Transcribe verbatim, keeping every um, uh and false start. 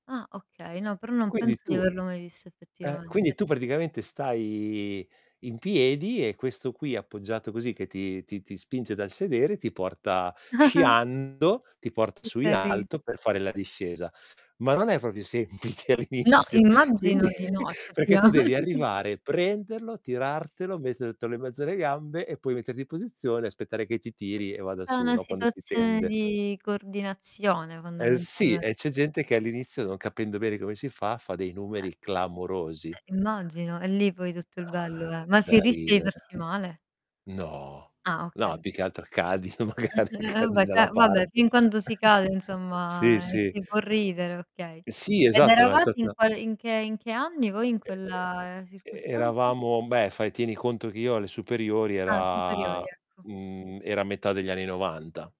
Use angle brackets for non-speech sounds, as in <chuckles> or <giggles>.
Ah, okay, no, però non Quindi penso di tu averlo mai visto eh, quindi effettivamente. tu praticamente stai in piedi e questo qui appoggiato così che ti ti ti spinge dal sedere, ti porta <giggles> sciando, ti porta Che su in cari alto per fare la discesa. Ma non è propio semplice No, all'inizio, quindi immagino di <chuckles> no, perché tu effettivamen devi arrivare, prenderlo, tirartelo, mettertelo in mezzo alle gambe e poi metterti in posizione, aspettare che ti È tiri e vada tutta su, una no, quando si situazione tende. di coordinazione, Eh, sì! E c'è fondamentalmente. gente che all'inizio non capendo bene come si fa, fa dei Eh. numeri clamorosi. Eh, immagino, e lì poi tutto il bello è, <exhales> ma Da si rischia di ridere. farsi male? No, Ah, okay, no, più che ok altro cadi no, Mh, magari, ve cadi vabbè, dalla ca vabbè, parte fin quando si cade, <chuckles> Sì, insomma, e sì. si può ridere, okay. Sì, Ed esatto, ma è eravate in stata quale in che in che anni voi in E e quella e circostanza? eravamo beh, fai tieni conto che io alle superiori Ah, superiori era ecco. mhmm, era metà degli anni novanta.